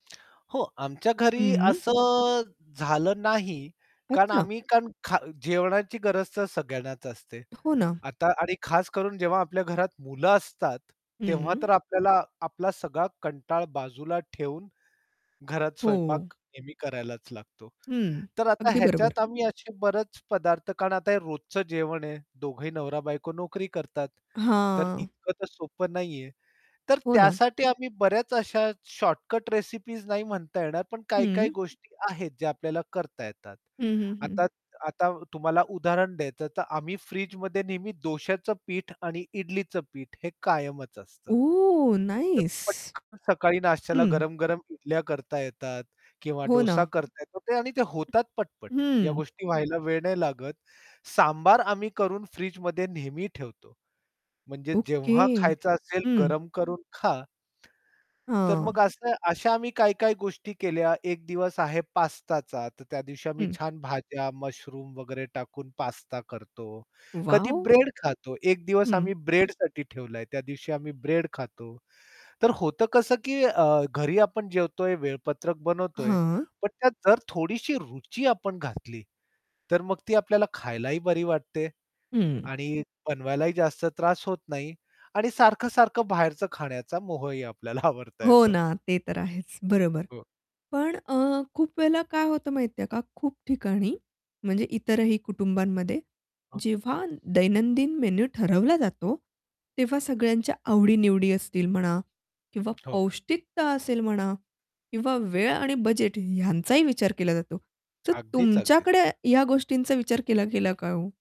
हो आमच्या घरी हं. असं झालं नाही, कारण अच्छा. आम्ही कारण खा जेवणाची गरज तर सगळ्यांनाच असते. हो ना. आता आणि खास करून जेव्हा आपल्या घरात मुलं असतात, तेव्हा हं. तर आपल्याला आपला सगळा कंटाळ बाजूला ठेवून घरात हो. स्वयंपाक नेहमी करायलाच लागतो. हं. तर आता अगदी बरोबर. ह्याच्यात आम्ही असे बरेच पदार्थ कारण आता हे रोजचं जेवण आहे दोघंही नवरा-बायको नोकरी करतात. तर हां. इतकं तर सोपं नाहीये. तर हो ना. त्यासाठी आम्ही बऱ्याच अशा शॉर्टकट रेसिपीज नाही म्हणता येणार, पण काही-काही हं. गोष्टी आहेत ज्या आपल्याला करता येतात. हं, हं, हं, आता आता तुम्हाला उदाहरण द्यायचं तर आम्ही फ्रिजमध्ये नेहमी डोश्याचं पीठ आणि इडलीच पीठ हे कायमच असतं. ओह! तर नाईस. पटकन सकाळी नाश्त्याला हं. गरम-गरम इडल्या करता येतात किंवा हो ना. डोसा करता येतात आणि ते होतात पटपट या हं. गोष्टी व्हायला वेळ नाही लागत. सांबार आम्ही करून फ्रिजमध्ये नेहमी ठेवतो. म्हणजे ओके. जेव्हा खायचं असेल हं. गरम करून खा. तर मग हां. असं अशा आम्ही काय-काय गोष्टी केल्या एक दिवस आहे पास्ताचा, तर त्या दिवशी आम्ही हं. छान भाज्या, मुशरूम वगैरे टाकून पास्ता करतो. कधी वॉव! ब्रेड खातो, एक दिवस हं. आम्ही ब्रेडसाठी ठेवलंय त्या दिवशी आम्ही ब्रेड खातो. तर होतं कसं की अ, घरी आपण जेवतोय वेळपत्रक बनवतोय. हां. पण त्यात जर थोडीशी रुची आपण घातली तर मग ती आपल्याला खायला ही बरी वाटते. हं. आणि बनवायलाही जास्त त्रास होत नाही आणि सारखं-सारखं बाहेरच खाण्याचा मोह ही आपल्याला आवरता हो येतो. ना, ते तर आहेच. बरोबर हो. पण अ, खूप वेळेला काय होतं माहितीये का खूप ठिकाणी म्हणजे इतरही कुटुंबांमध्ये हो. जेव्हा दैनंदिन मेनू ठरवला जातो, तेव्हा सगळ्यांच्या आवडी-निवडी असतील म्हणा किंवा हो. पौष्टिकता असेल म्हणा किंवा वेळ आणि बजेट ह्यांचाही विचार केला जातो. तर अगदीच, अगदीच. तुमच्याकडे या गोष्टींचा विचार केला गेला का ओ?